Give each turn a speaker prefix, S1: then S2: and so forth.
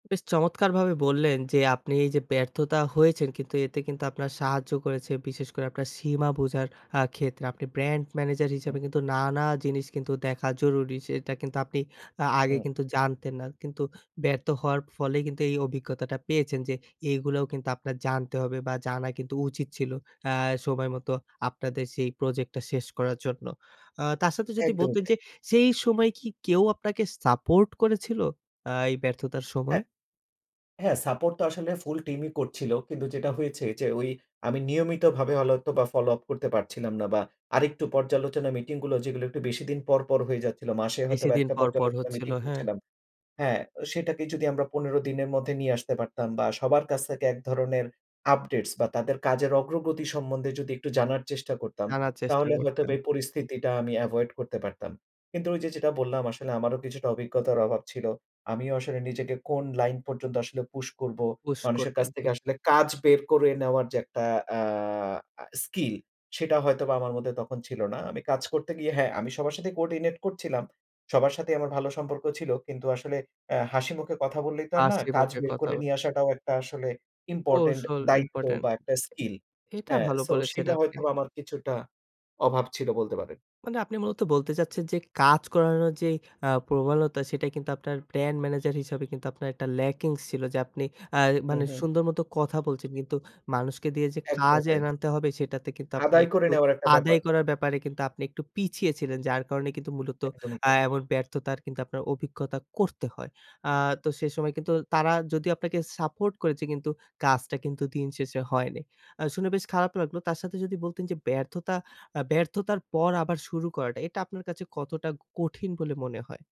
S1: বেশ চমৎকারভাবে বললেন, যে আপনি এই যে ব্যর্থতা হয়েছেন কিন্তু এতে কিন্তু আপনার সাহায্য করেছে বিশেষ করে আপনার সীমা বোঝার অ্যা ক্ষেত্রে আপনি ব্র্যান্ড ম্যানেজার হিসাবে
S2: হ্যাঁ।
S1: কিন্তু নানা জিনিস কিন্তু দেখা জরুরি সেটা কিন্তু আপনি অ্যা আগে
S2: হুম।
S1: কিন্তু জানতেন না কিন্তু ব্যর্থ হওয়ার ফলে কিন্তু এই অভিজ্ঞতাটা পেয়েছেন যে এগুলোও কিন্তু আপনার জানতে হবে বা জানা কিন্তু উচিত ছিল। অ্যা সময় মতো আপনাদের সেই প্রজেক্টটা শেষ করার জন্য অ তার সাথে যদি
S2: একদমই
S1: বলতেন,
S2: তাই।
S1: যে সেই সময় কি কেউ আপনাকে সাপোর্ট করেছিল, আ এই ব্যর্থতার সময়?
S2: হ্যাঁ। হ্যাঁ, সাপোর্ট তো আসলে ফুল টিমই করছিল। কিন্তু যেটা হয়েছে যে ওই আমি নিয়মিতভাবে হল হতো বা ফলো আপ করতে পারছিলাম না বা আরেকটু পর্যালোচনা মিটিং গুলো যেগুলো একটু বেশি দিন পরপর হয়ে যাচ্ছিল। মাসে হয়তোবা
S1: বেশিদিন
S2: একটা
S1: পরপর
S2: পর্যালোচনা মিটিং
S1: হচ্ছিলো, হ্যাঁ।
S2: করছিলাম হ্যাঁ, সেটাকে যদি আমরা ১৫ দিনের মধ্যে নিয়ে আসতে পারতাম বা সবার কাছ থেকে এক ধরনের আপডেটস বা তাদের কাজের অগ্রগতি সম্বন্ধে যদি একটু জানার চেষ্টা করতাম,
S1: জানার চেষ্টা
S2: তাহলে
S1: করতেন।
S2: হয়তোবা এই পরিস্থিতিটা আমি এভয়েড করতে পারতাম। কিন্তু ওই যে যেটা বললাম, আসলে আমারও কিছুটা অভিজ্ঞতার অভাব ছিল। আমিও আসলে নিজেকে কোন লাইন পর্যন্ত আসলে পুশ করব।
S1: পুশ
S2: মানুষের
S1: করবেন
S2: কাছ থেকে
S1: ঠিক।
S2: আসলে কাজ বের করে নেওয়ার যে একটা অ্যা আ স্কিল সেটা হয়তোবা আমার মধ্যে তখন ছিল না। আমি কাজ করতে গিয়ে হ্যাঁ, আমি সবার সাথে কোঅর্ডিনেট করছিলাম। সবার সাথেই আমার ভালো সম্পর্ক ছিল। কিন্তু আসলে অ্যা হাসিমুখে কথা বললেই তো আর না
S1: হাসি
S2: কাজ
S1: মুখে
S2: বের
S1: কথা।
S2: করে নিয়ে আসাটাও একটা আসলে ইম্পোর্টেন্ট
S1: কৌশল
S2: দায়িত্ব
S1: ইম্পোর্টেন্ট।
S2: বা একটা স্কিল।
S1: এটা
S2: হ্যাঁ,
S1: ভালো
S2: সো
S1: বলেছেন
S2: সেটা
S1: আপনি।
S2: হয়তো আমার কিছুটা অভাব ছিল বলতে পারেন।
S1: মানে আপনি মূলত বলতে চাচ্ছেন, যে কাজ করানোর যে অ্যা প্রবলতা সেটা কিন্তু আপনার ব্র্যান্ড ম্যানেজার হিসাবে আপনার একটা ল্যাকিংস ছিল যে আপনি অ্যা
S2: হুম,
S1: মানে
S2: হু।
S1: সুন্দর মত কথা বলছেন। কিন্তু মানুষকে দিয়ে যে
S2: একদম
S1: কাজ
S2: তাই।
S1: এনে আনতে হবে সেটাতে কিন্তু আপনি
S2: আদায় করে
S1: একটু
S2: নেওয়ার একটা ব্যাপার।
S1: আদায় করার ব্যাপারে কিন্তু আপনি একটু পিছিয়ে ছিলেন। যার কারণে কিন্তু
S2: একদমই
S1: অ্যা
S2: তাই।
S1: এমন ব্যর্থতার কিন্তু আপনার অভিজ্ঞতা করতে হয়। আ তো সেসময় কিন্তু তারা যদি আপনাকে সাপোর্ট করেছে কিন্তু কাজটা কিন্তু দিন শেষে হয়নি। আ শুনে বেশ খারাপ লাগলো। তার সাথে যদি বলতেন, যে ব্যর্থতা আ ব্যর্থতার পর আবার শুরু করাটা এটা আপনার কাছে কতটা কঠিন বলে মনে হয়?